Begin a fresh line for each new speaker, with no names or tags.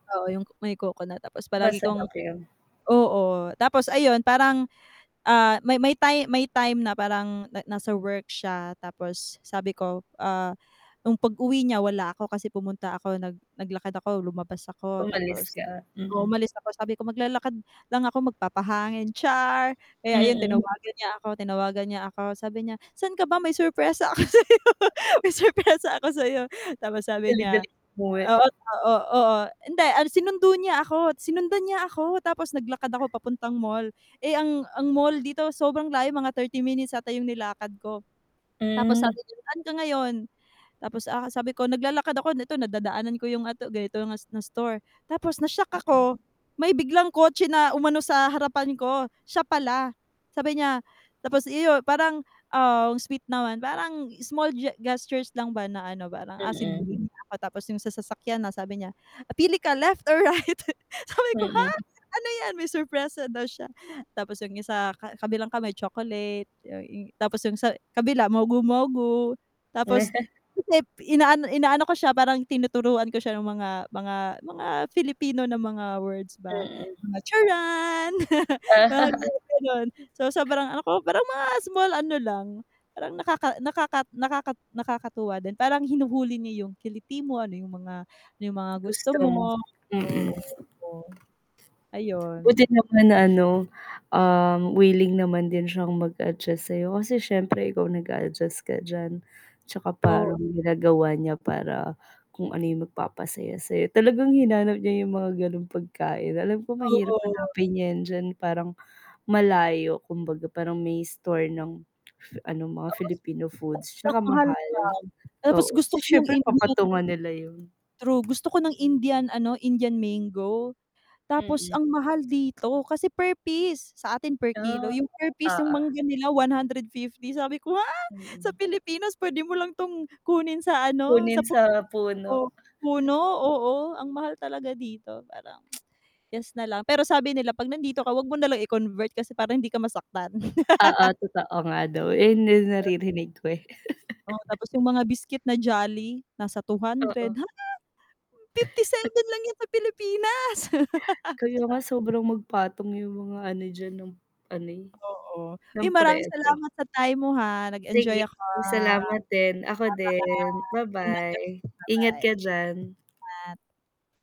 Oo yung may coconut, tapos palagi kong
Masarap 'yon.
oo, tapos ayun, parang, ah, may may time may time na parang na nasa work siya, tapos sabi ko, ah, nung pag-uwi niya wala ako kasi pumunta ako, nag naglakad ako, lumabas ako,
Umalis
tapos,
ka? Mm.
umalis ako sabi ko "Maglalakad lang ako, magpapahangin." Char! Kaya ayun,
Mm.
tinawagan niya ako tinawagan niya ako, sabi niya "Saan ka ba? May surpresa ako sa 'yo may surpresa ako sa 'yo." Tapos, sabi niya
Dali-dali umuwi.
oo oo oo, hindi, sinundo niya ako, sinundan niya ako, tapos naglakad ako papuntang mall. Eh, ang ang mall dito sobrang layo mga 30 minutes ata yung nilakad ko. Tapos, sabi
Hmm.
niya, "Saan ka ngayon?" Tapos a sabi ko naglalakad ako, ito nadadaanan ko yung a ganito na na store. Tapos na-shock
Mm.
ako, may biglang kotse na umano sa harapan ko, siya pala. Sabi niya tapos yu parang, ah, sweet naman parang small ge gestures lang ba na ano parang, ah, sinundo
Mm.
niya ako tapos yung sa sasakyan na sabi niya, "Pili ka, left or right?" Sabi ko, "Ha?
Mm.
ano 'yan?" May surpresa daw siya, tapos yung isa ka kabilang kamay chocolate y yun tapos yung sa kabila mogu mogu. Tapos hindi inaano inaano ko siya parang tinuturuan ko siya ng mga mga mga Filipino na mga words ba,
Mm.
mga "Charan!" mga [unintelligible] ganun. So, sobrang ano ko, parang mga small ano lang, parang nakaka nakaka nakaka nakakatuwa din, parang hinuhuli niya yung kiliti mo, ano yung mga ano yung mga gusto
Gusto mo?
mo,
Mm.
oo, oo.
Buti
Ayun.
naman na ano, uhm, willing naman din siyang mag-adjust sa 'yo, kasi siyempre, ikaw nag-a-adjust ka diyan. 'Tsaka parang
Oo.
ginagawa niya para, kung ano yung magpapasaya sa 'yo, talagang hinanap niya yung mga gano'ng pagkain, alam ko mahirap
Oo.
hanapin 'yan diyan, parang malayo, kumbaga parang may store ng, ano mga
Oo,
Filipino foods
tapos ang
'tsaka
mahal pa,
mahal.
tapos
Oo
gusto
kasi
ko yung
siyempre
Indian
papatungan nila yun.
True, gusto ko ng Indian ano, Indian mango. Tapos
Mm.
ang mahal dito, kasi per piece, sa atin per kilo,
Ah,
yung per piece yung
oo.
mangga nila ₱150 sabi ko, "ha!?", sa
Mm.
Pilipinas p'wede mo lang 'tong kunin sa ano
Kunin
sa
sa
puno
puno.
puno, oo, ang mahal talaga dito, parang yes na lang, pero sabi nila 'pag nandito ka h'wag mo nalang i-convert, kasi para hindi ka masaktan.
Oo, totoo nga daw, eh, yun din
[unintelligible]
naririnig ko, eh.
Oh, tapos yung mga biscuit na jolly nasa ₱200.
Oo.
Ha? ₱57 lang 'yan sa Pilipinas.
Kaya nga, sobrang magpatong yung mga ano diyan ng ano eh,
Oo, ay
ng
maraming
presyo.
salamat sa time mo ha, nag-enjoy
Sige,
ako.
salamat din, ako din,
Ba-bye [unintelligible]
ba-bye, ingat
Ba-bye.
ka diyan.
Ingat.